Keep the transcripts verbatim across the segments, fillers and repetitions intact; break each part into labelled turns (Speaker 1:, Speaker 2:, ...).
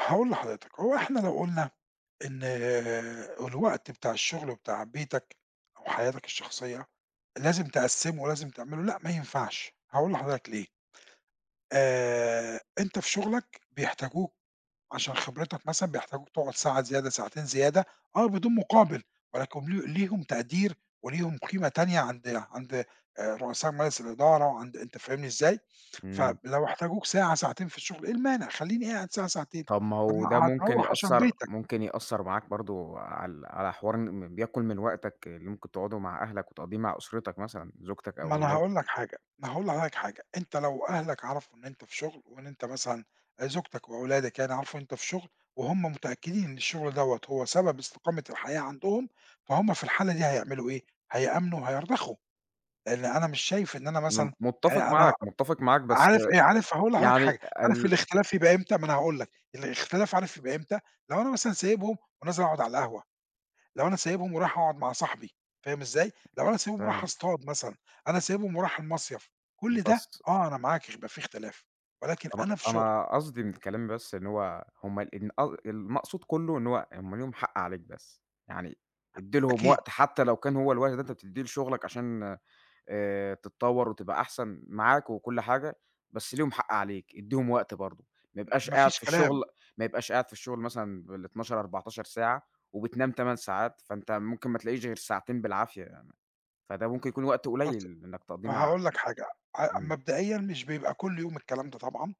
Speaker 1: هاقول لحضرتك، هو إحنا لو قُلنا إن الوقت بتاع الشُّغل وبتاع بيتك وحياتك الشخصية، لازم تقسمُه ولازم تعملُه لأ، ما ينفعش هاقول لحضرتك ليه آآ أنت في شُغلك بيحتاجوك عشان خبرتك مثلًا، بيحتاجوك تقعُد ساعة زيادة ساعتين زيادة آه، بدون مُقابل، ولكن ل ليهم تقدير وليهم قيمة تانية عند عند آآ رؤساء مجلس الإدارة وعند أنت فاهمني إزاي؟
Speaker 2: إمم.
Speaker 1: فب لو احتاجوك ساعة ساعتين في الشُّغل إيه المانع، خلِّيني قاعد ساعة ساعتين،
Speaker 2: طَب ما
Speaker 1: طب
Speaker 2: هو
Speaker 1: ما
Speaker 2: ده ممكن
Speaker 1: هتروّّح عشان
Speaker 2: يأثّر
Speaker 1: بيتك.
Speaker 2: ممكن يأثّر معاك برضه على على حوار إن ما بياكُل من وقتك اللي ممكن تقعُده مع أهلك وتقضيّه مع أُسرتك مثلًا، زوجتك أو
Speaker 1: ما أنا هاقول
Speaker 2: أولادك.
Speaker 1: لك حاجة، ما هاقول لحضرتك حاجة، أنت لو أهلك عرفوا إن أنت في شُغل، وإن أنت مثلًا زوجتك وأولادك يعني عرفوا إن أنت في شُغل، وهُم متأكدين إن الشُّغل دَوّة هو سبب استقامة الحياة عندهم، فهُم في الحالة دي هيعملوا إيه، هيأمنوا وهيرضخوا، لإن أنا مش شايف إن أنا
Speaker 2: أنا م
Speaker 1: مثلًا
Speaker 2: مُتفق
Speaker 1: يعني
Speaker 2: معاك،
Speaker 1: أنا
Speaker 2: مُتفق معاك بس
Speaker 1: عارف آآ، عارف هاقول لحضرتك
Speaker 2: يعني
Speaker 1: حاجة، عارف
Speaker 2: ال
Speaker 1: الاختلاف يبقى إمتى ما أنا هاقول لك، الإختلاف عارف يبقى إمتى، لو أنا مثلًا سايبهم ونازل اقعُد على القهوة، لو أنا سايبهم ورايح اقعُد مع صاحبي فاهم إزاي؟ لو أنا
Speaker 2: [unintelligible]
Speaker 1: سايبهم ورايح
Speaker 2: فهم
Speaker 1: اصطاد مثلًا، أنا سايبهم ورايح المصيف، كُلّ ده
Speaker 2: بس
Speaker 1: آه، أنا معاك هيبقى في إختلاف، ولكن
Speaker 2: أنا
Speaker 1: أنا في شُغل.
Speaker 2: أنا قصدي من كلامي بس إن هو هُم ال أ المقصود كُلّه إن هو هُم ليهم حق عليك بس، يعني ادّي لهم
Speaker 1: أكيد.
Speaker 2: وقت حتى لو كان هو الوقت اللي أنت بتدّيه لشُّغلك عشان آآ تتطوّر وتبقى أحسن، معاك وكُلّ حاجة، بس ليهم حق عليك، ادّيهم وقت برضه، ما
Speaker 1: م
Speaker 2: يبقاش
Speaker 1: ما
Speaker 2: قاعد
Speaker 1: فيش
Speaker 2: في
Speaker 1: كلام.
Speaker 2: الشُّغل ما يبقاش قاعد في الشُّغل مثلًا بالاتناشر، اربعتاشر ساعة، وبتنام تَمَان ساعات، فأنت ممكن ما تلاقيش غير ساعتين بالعافية، يعني فده ممكن يكون وقت
Speaker 1: بُص
Speaker 2: قليل إنّك تقضيه مع
Speaker 1: هاقول لك حاجة، أ
Speaker 2: إمم.
Speaker 1: مبدئيًا مش بيبقى كُلّ يوم الكلام ده طبعًا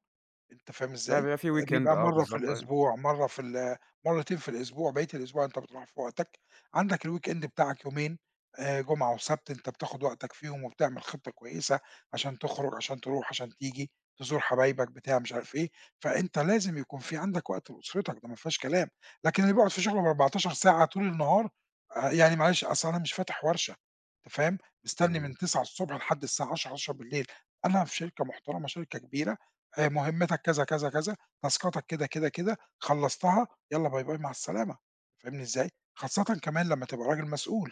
Speaker 1: أنت فاهم إزاي؟
Speaker 2: فبيبقى في
Speaker 1: آآ
Speaker 2: Weekend
Speaker 1: بيبقى
Speaker 2: آه
Speaker 1: مَرّة في
Speaker 2: بالضبط، أيوه.
Speaker 1: الأسبوع، مَرّة في ال مرتين في الأسبوع، بقيت الأسبوع أنت بتروح في وقتك، عندك الWeekend بتاعك يومين، آآ جمعة وسَبت أنت بتاخد وقتك فيهم، وبتعمل خطة كويسة عشان تخرُج، عشان تروح، عشان تيجي، تزور حبايبك بتاع مش عارف إيه، فأنت لازم يكون في عندك وقت لأسرتك ده ما فيهاش كلام، لكن اللي بيقعد في شُغله باربعتاشر ساعة طول النهار، آآ يعني معلش أصل أنا مش فاتح ورشة أنت فاهم؟ مستني من
Speaker 2: إمم.
Speaker 1: تسعة الصبح لحد الساعة عشرة، حداشر بالليل أنا في شركة محترمة شركة كبيرة، آآ مُهمتك كذا، كذا، كذا تاسكاتك كده، كده، كده خلّصتها يالّا باي باي مع السلامة فاهمني إزاي؟ خاصةً كمان لمّا تبقى راجل مسؤول،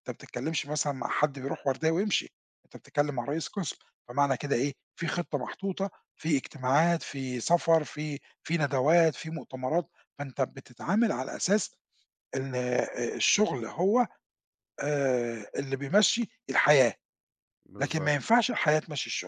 Speaker 1: أنت ما بتتكلمش مثلًا مع حد بيرُوح وردية ويمشي، أنت بتتكلم مع رئيس قسم، فمعنى كده إيه، في خطة محطوطة، في إجتماعات، في سفر في في ندوات، في مؤتمرات، فأنت بتتعامل على أساس إن آآ الشُّغل هو آآ اللي بيمشّي الحياة، لكن ما
Speaker 2: بالضبط.
Speaker 1: ينفعش الحياة تمشّي الشُّغل.